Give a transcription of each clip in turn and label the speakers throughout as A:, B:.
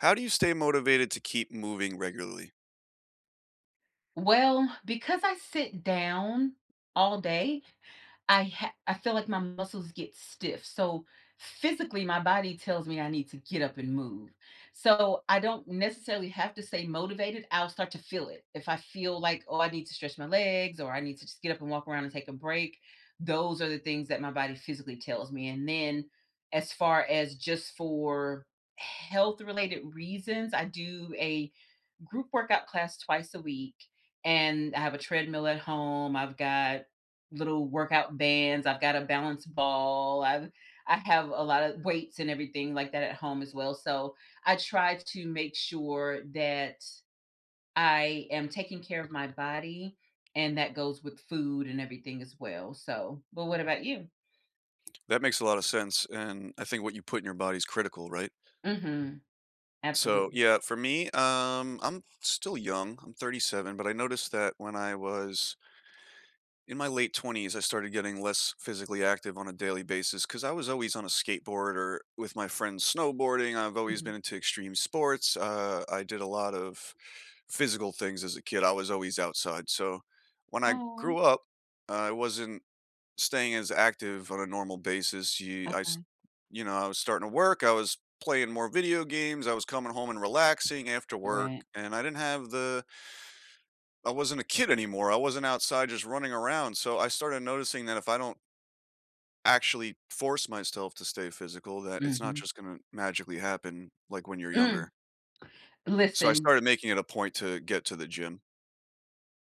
A: How do you stay motivated to keep moving regularly?
B: Well, because I sit down all day, I ha I feel like my muscles get stiff, so physically, my body tells me I need to get up and move. So, I don't necessarily have to stay motivated, I'll start to feel it. If I feel like, "Oh, I need to stretch my legs or I need to just get up and walk around and take a break," those are the things that my body physically tells me and then, as far as just for health-related reasons, I do a group workout class twice a week, and I have a treadmill at home, I've got little workout bands, I've got a balance ball, I've I have a lotta weights and everything like that at home, as well, so, I try to make sure that I am taking care of my body, and that goes with food and everything as well, so But what about you?
A: That makes a lotta sense and I think what you put in your body is critical, right?
B: Mhm.
A: So,
B: Absolutely.
A: yeah, for me, um, I'm still young, I'm 37 but I noticed that when I was in my late 20s, I started getting less physically active on a daily basis 'cause I was always on a skateboard or with my friends snowboarding, I've always
B: Mhm.
A: been into extreme sports, uh, I did a lot of physical things as a kid, I was always outside, so, when I
B: Aw.
A: grew up, I wasn't staying as active on a normal basis, you I s
B: Okay.
A: You know, I was starting to work, I was playing more video games, I was coming home and relaxing after work.
B: Right.
A: And I didn't have the I wasn't a kid anymore, I wasn't outside just running around, so I started noticing that if I don't actually force myself to stay physical, that it's not
B: Mhm.
A: just gonna magically happen like when you're
B: Mm.
A: younger. So I
B: Listen
A: started making it a point to get to the gym.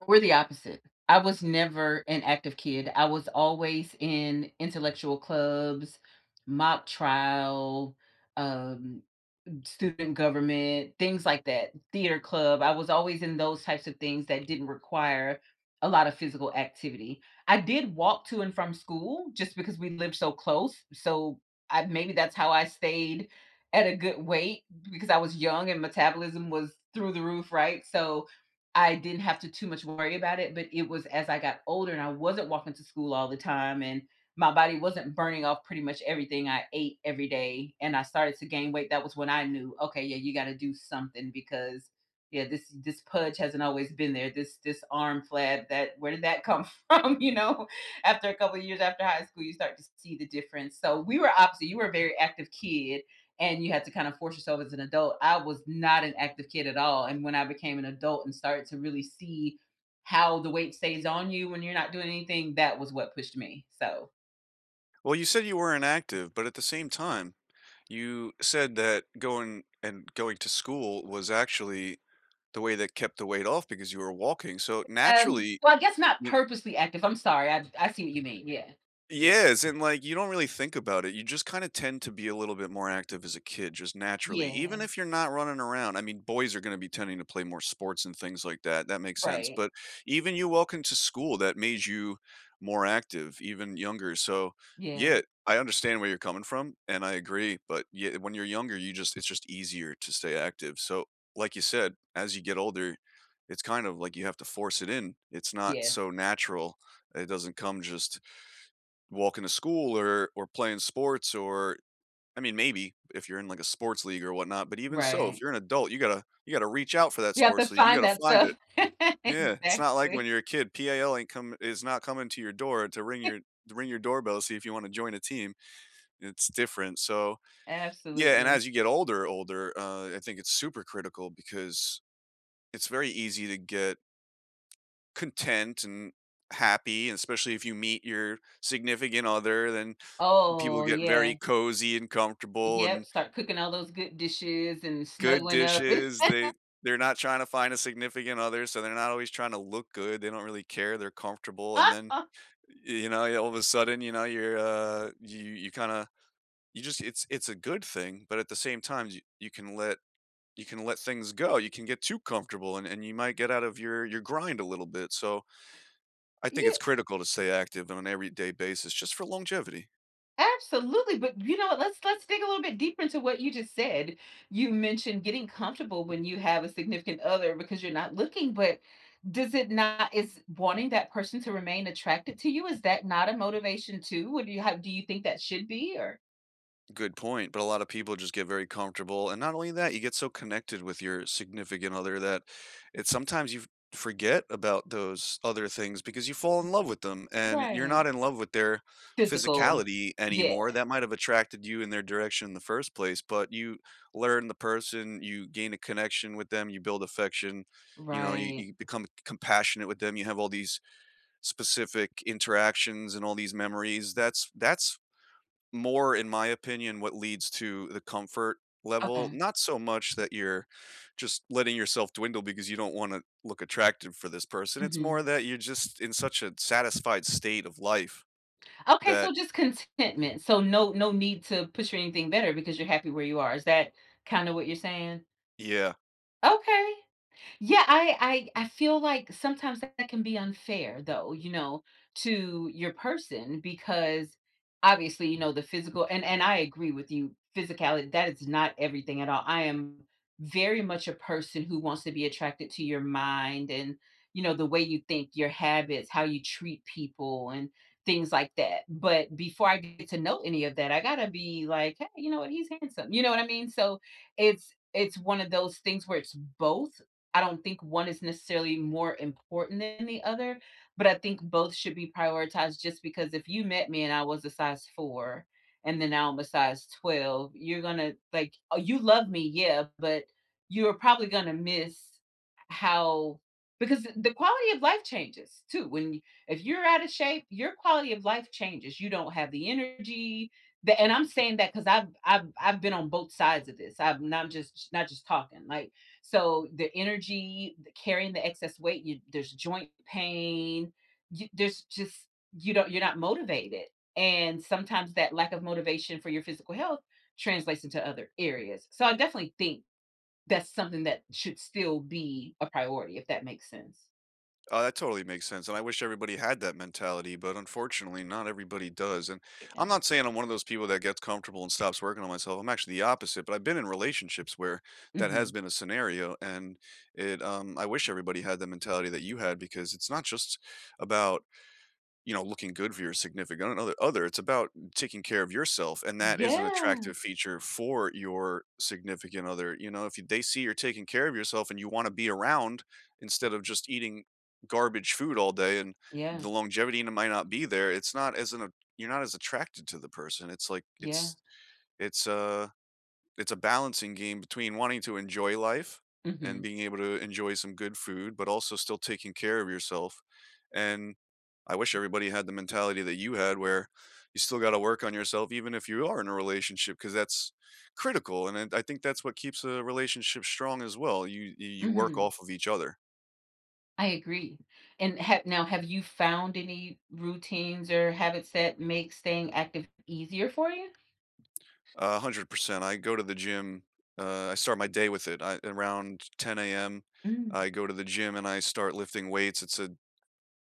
B: We're the opposite, I was never an active kid, I was always in intellectual clubs, mock trial, um, m student government, things like that theater club, I was always in those types of things that didn't require a lotta physical activity. I did walk to and from school just because we lived so close, so I maybe that's how I stayed at a good weight b because I was young and metabolism was through the roof, right? So, I didn't have to too much worry about it, but it was as I got older, and I wasn't walking to school all the time, and my body wasn't burning off pretty much everything I ate every day, and I started to gain weight, that was when I knew, "Okay, yeah, you gotta do something because yeah, this this pudge hasn't always been there, this this arm flab that where did that come from?" You know? After a couple years after high school, you start to s see the difference, so, we were opposite, you were a very active kid, and you had to kind of force yourself as an adult, I was not an active kid at all, and when I became an adult and started to really see how the weight stays on you when you're not doing anything, that was what pushed me, so
A: Well, you said you were inactive, but at the same time, you said that going and going to school was, actually the way that kept the weight off because you were walking, so,
B: Um,
A: naturally,
B: well, I guess not
A: y
B: purposely active, I'm sorry, I I see what you mean, yeah. Yeah.
A: Yes, and, like, you don't really think about it, you just kinda tend to be a little bit more active as a kid, just naturally, even
B: Yeah.
A: if you're not running around, I mean, boys are gonna be tending to play more sports and things like that, that makes sense,
B: Right.
A: but even you walking to school, that made you more active, even younger, so,
B: Yeah.
A: yeah, I understand where you're coming from and I agree, but ye uh, when you're younger, you just it's just easier to stay active, so, like you said, as you get older, it's kind of like you have to force it in, it's not so
B: Yes.
A: natural, it doesn't come just walking to school or or playing sports or I mean, maybe, if you're in, like, a sports league or whatnot, but even so, if
B: Right.
A: you're an adult, you gotta you gotta reach out for that
B: You have to
A: sports league, you
B: find
A: gotta
B: that
A: find
B: stuff.
A: it. Yeah, it's not like when
B: Exactly.
A: you're a kid, PAL ain't come is not coming to your door to ring your to ring your doorbell, see if you wanna join a team. It's different, so yeah, and
B: Absolutely.
A: as you get older, older, uh, I think it's super critical because it's very easy to get content and happy, especially if you meet your significant other, then people
B: Oh,
A: get very
B: yeah.
A: cozy, and comfortable,
B: Yep,
A: and
B: start cooking all those good dishes and
A: Good
B: snuggling up.
A: dishes, they they're not trying to find a significant other, so they're not always tryna look good, they don't really care, they're comfortable, and then, y you know, all of a sudden, you know, you're, uh you you kinda, you just it's it's a good thing, but at the same times you you can let you can let things go, you can get too comfortable and and you might get out of your your grind a little bit, so, I think it's
B: Yea
A: critical to stay active on an everyday basis just for longevity.
B: Absolutely, but, you know, let's let's dig a little bit deeper into what you just said. You mentioned getting comfortable when you have a significant other because you're not looking, but does it not is wanting that person to remain attracted to you, is that not a motivation too? What do you have do you think that should be or
A: Good point, but a lot of people just get very comfortable, and not only that, you get so connected with your significant other that it's sometimes you forget about those other things because you fall
B: M
A: in love with them,
B: m.
A: and you're not
B: Right.
A: in love with their
B: Physical.
A: physicality
B: Yeah.
A: anymore. That might have attracted you in their direction in the first place, but you learn the person, you gain a connection with them, you build affection, you know, you
B: Right.
A: you become c compassionate with them, you have all these specific interactions and all these memories. That's that's more in my opinion what leads to the comfort level.
B: Okay.
A: Not so much that you're just letting yourself dwindle because you don't want to look attractive for this person. It's more
B: Mhm.
A: that you're just in such a satisfied state of life
B: Okay.
A: that
B: So just contentment. So no no need to push for anything better because you're happy where you are. Is that kinda what you're saying?
A: Yeah.
B: Okay. Yeah, I I I feel like sometimes that can be unfair, though, you know, to your person, because, obviously, you know, the physical and and I agree with you, physicality; that is not everything at all, I am very much a person who wants to be attracted to your mind and, you know, the way you think, your habits, how you treat people, and things like that, but before I get to know any of that, I gotta be like, "Hey, you know what, he's handsome." You know what I mean? So it's it's one of those things where it's both. I don't think one is necessarily more important than the other, but I think both should be prioritized just because if you met me and I was a size 4, and then now I'm a size 12, you're gonna like, oh, you love me, yeah, but you're probably gonna miss how because the quality of life changes too when if you're out of shape, your quality of life changes. You don't have the energy, the and I'm saying that 'cause I've I've I've been on both sides of this, I'm not just not just talking, like, so the energy, the carrying the excess weight, you there's joint pain, you there's just you don't you're not motivated, and sometimes that lack of motivation for your physical health translates into other areas so, I definitely think that's something that should still be a priority, if that makes sense.
A: Oh, that totally makes sense and I wish everybody had that mentality, but unfortunately, not everybody does. And I'm
B: Yeah.
A: not saying I'm one of those people that gets comfortable and stops working on myself, I'm actually the opposite, but I've been in relationships where that has
B: Mhm.
A: been a scenario, and it, um I wish everybody had the mentality that you had because it's not just about, you know, looking good for your significant, uh uh, other, it's about taking care of yourself, and that is an
B: Yeah.
A: attractive feature for your significant other, you know? If y they see you're taking care of yourself and you wanna be around, instead of just eating garbage food all day and
B: Yeah.
A: the longevity n might not be there, it's not as an a you're not as attracted to the person, it's like,
B: Yeah.
A: it's it's a it's a balancing game between wanting to enjoy life and
B: Mhm.
A: being able to enjoy some good food, but also still taking care of yourself, and I wish everybody had the mentality that you had, where you still gotta work on yourself even if you are in a relationship, 'cause that's critical, and and I think that's what keeps a relationship strong as well, you you you work
B: Mhm.
A: off of each other.
B: I agree, and have now, have you found any routines or habits that make staying active easier for you?
A: 100%, I go to the gym uh, I start my day with it, I around 10AM,
B: Mm.
A: I go to the gym and I start lifting weights, it's a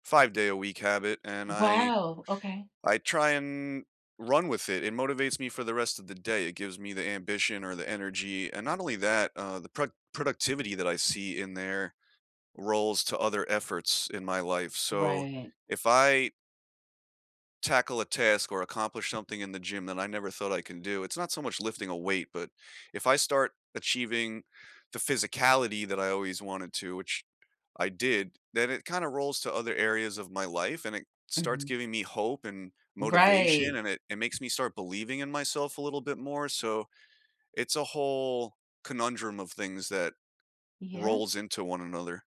A: 5 day a week habit, and I
B: Wow, okay.
A: I try and run with it, it motivates me for the rest of the day, it gives me the ambition or the energy, and not only that, uh, the pro productivity that I see in there rolls to other efforts in my life, so
B: Right.
A: if I tackle a task or accomplish something in the gym that I never thought I can do, it's not so much lifting a weight, but if I start achieving the physicality that I always wanted to- which, I did- then it kinda rolls to other areas of my life and it starts
B: Mhm.
A: giving me hope, and motivation,
B: Right.
A: and it it makes me start believing in myself a little bit more, so it's a whole conundrum of things that
B: Yeah.
A: rolls into one another.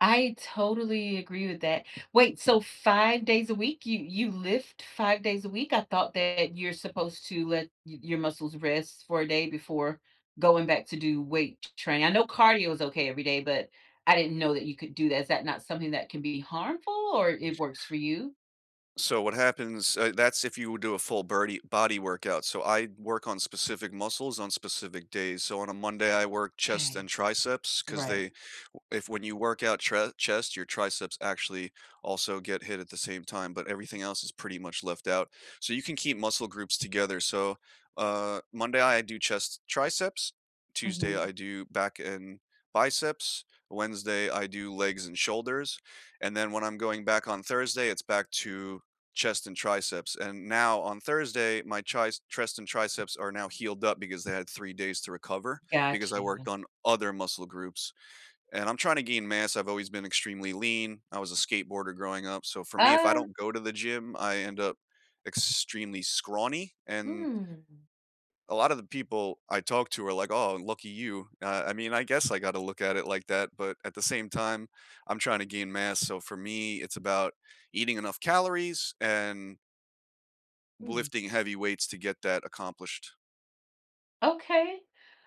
B: I totally agree with that wait, so 5 days a week? You you lift 5 days a week? I thought that you're supposed to let y your muscles rest for a day before going back to do weight t training? I know cardio is okay every day, but I didn't know that you could do that, is that not something that can be harmful, or it works for you?
A: So, what happens eh, that's if you would do a full birdie body workout, so I work on specific muscles on specific days, so on a Monday, I work chest
B: 'Kay.
A: and triceps 'cause
B: Right.
A: they w if when you work out chre chest, your triceps actually, also get hit at the same time, but everything else is pretty much left out, so you can keep muscle groups together, so, uh, Monday, I do chest, triceps. Tuesday, I
B: Mhm.
A: do back and biceps. Wednesday, I do legs and shoulders, and then when I'm going back on Thursday, it's back to chest and triceps, and now, on Thursday, my tries chest and triceps are now healed up because they had 3 days to recover because
B: Got
A: I worked
B: you.
A: on other muscle groups. And, I'm tryna gain mass, I've always been extremely lean, I was a skateboarder growing up, so for me, if I
B: Uh
A: don't go to the gym, I end up extremely scrawny, and
B: Mm.
A: a lot of the people I talk to are like, “Oh, lucky you.” I I mean, I guess I got to look at it like that, but at the same time, I'm trying to gain mass, so for me, it's about eating enough calories and
B: Hmm.
A: lifting heavy weights to get that accomplished.
B: Okay.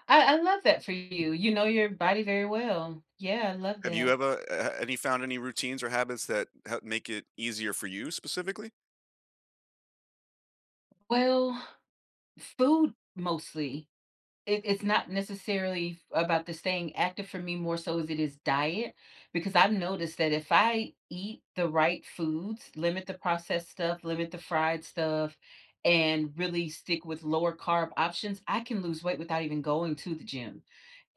B: I I love that for you, you know your body very well. Yeah, I love
A: Have you
B: that.
A: ever eh, have any found any routines or habits that he make it easier for you, specifically?
B: Well, food mostly. It it's not, necessarily f about the staying active for me, more so as it is diet because I've noticed that if I eat the right foods, limit the processed stuff, limit the fried stuff, and really stick with lower carb options, I can lose weight without even going to the gym.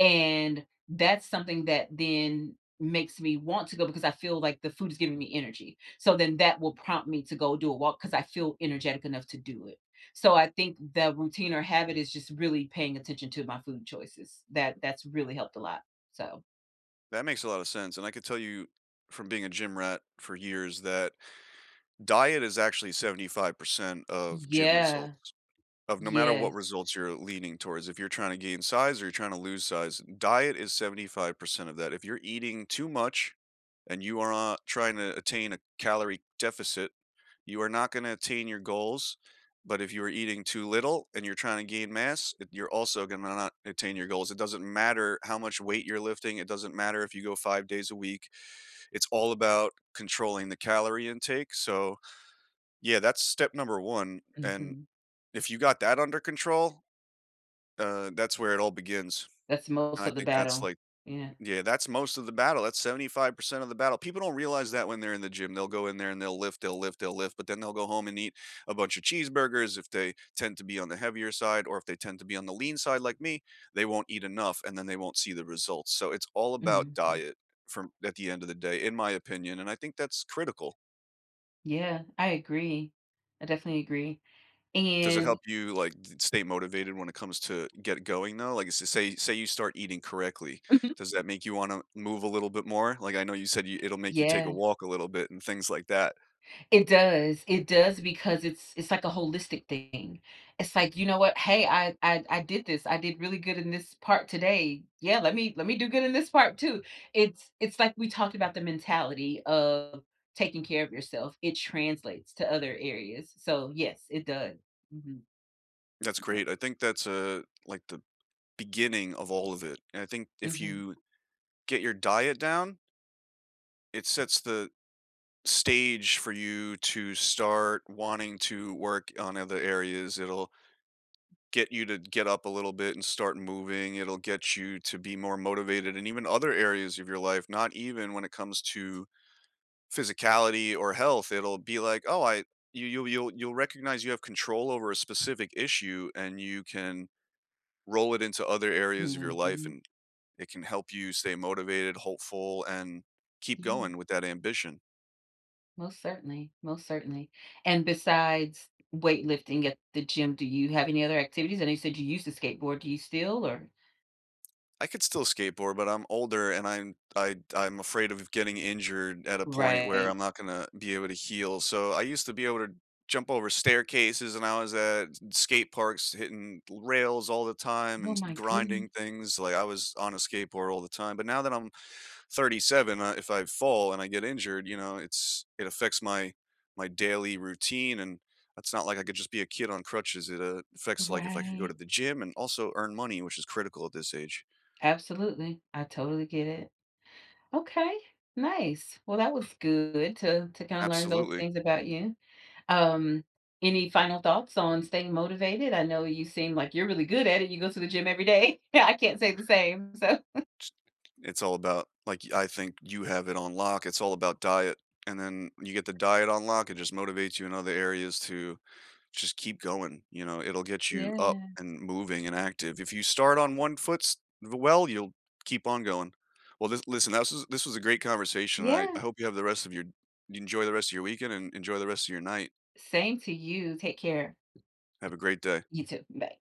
B: And, that's something that then makes me want to go because I feel like the food is giving me energy, so then that will prompt me to go do a walk, 'cause I feel energetic enough to do it. So, I think the routine or habit is just really paying attention to my food choices, that that's really helped a lot, so
A: That makes a lotta sense, and I could tell you- from being a gym rat for years- that diet is actually 75% of gym
B: Yeah.
A: results. Of no matter what
B: Yes.
A: results you're leaning towards, if you're trying to gain size or tryna lose size, diet is 75% of that, if you're eating too much and you are not tryna attain a calorie deficit, you are not gonna attain your goals. But, if you are eating too little and you're tryna gain mass, you're also gonna not attain your goals, it doesn't matter how much weight you're lifting, it doesn't matter if you go 5 days a week. It's all about controlling the calorie intake, so yeah, that's step number 1 and
B: Mhm.
A: if you got that under control uh, that's where it all begins.
B: That's most
A: And, I
B: of the
A: think that's
B: battle,
A: like
B: yeah.
A: yeah, that's most of the battle, that's 75% of the battle, people don't realize that when they're in the gym, they'll go in there and they'll lift, they'll lift, they'll lift, but then they'll go home and eat a bunch of cheeseburgers if they tend to be on the heavier side, or if they tend to be on the lean side like me, they won't eat enough and then they won't see the results, so it's all about
B: Mhm mm.
A: diet from at the end of the day, in my opinion, and I think that's critical.
B: Yeah. I agree. I definitely agree.
A: Does it
B: And
A: help you, like, d stay motivated when it comes to get going though? Like, s say say you start eating correctly.
B: Mhm.
A: Does that make you wanna move a little bit more? Like, I know you said you- it'll make you take a
B: Yeah.
A: walk a little bit and things like that.
B: It does. It does because it's it's like a holistic thing. It's like, "You know what? Hey. I I I did this. I did really good in this part today. Yeah, let me let me do good in this part too." It's it's like we talked about the mentality of taking care of yourself. It translates to other areas. So, yes, it does. Mhm.
A: That's
B: Yep.
A: great. I think that's, uh, like, the beginning of all of it. And I think if
B: Mhm.
A: you get your diet down it sets the stage for you to start wanting to work on other areas. It'll get you to get up a little bit and start moving, it'll get you to be more motivated, and even other areas of your life, not even when it comes to physicality or health. It'll be like, "Oh, I" you you'll you'll you'll recognize you have control over a specific issue, and you can roll it into other areas of your life,
B: Mhm.
A: and it can help you stay motivated, hopeful, and keep
B: Yeah.
A: going with that ambition.
B: Most certainly. Most certainly. And besides weightlifting at the gym, do you have any other activities? I know you said you used to skateboard. Do you still, or
A: I could still skateboard, but I'm older and I'm I'd I'm afraid of getting injured at a point where
B: Right.
A: I'm not gonna be able to heal. So I used to be able to jump over staircases and I was at s skate parks hitting l rails all the time and
B: Oh
A: s
B: my goodne
A: grinding things. Like, I was on a skateboard all the time, but now that I'm 37, uh, if I fall and I get injured, you know, it's it affects my my daily routine, and it's not like I could just be a kid on crutches. It, uh, affects, like, if I could go to
B: Right.
A: the gym and also earn money, which is critical at this age.
B: Absolutely. I totally get it. Okay, nice. Well, that was good to to kinda learn those
A: Absolutely.
B: things about you. Um, any final thoughts on staying motivated? I know you seem like you're really good at it. You go to the gym every day. I can't say the same. So
A: Ch It's all about like, I think you have it on lock. It's all about diet, and then when you get the diet on lock, it just motivates you in other areas to just keep going, you know? It'll get you up
B: Yeah.
A: and moving and active. If you start on one foot s well, you'll keep on going. Well, this Listen, tha s this was a great conversation. I
B: Yeah.
A: I hope you have the rest of your you enjoy the rest of your weekend, and enjoy the rest of your night.
B: Same to you. Take care.
A: Have a great day.
B: You too. Bye.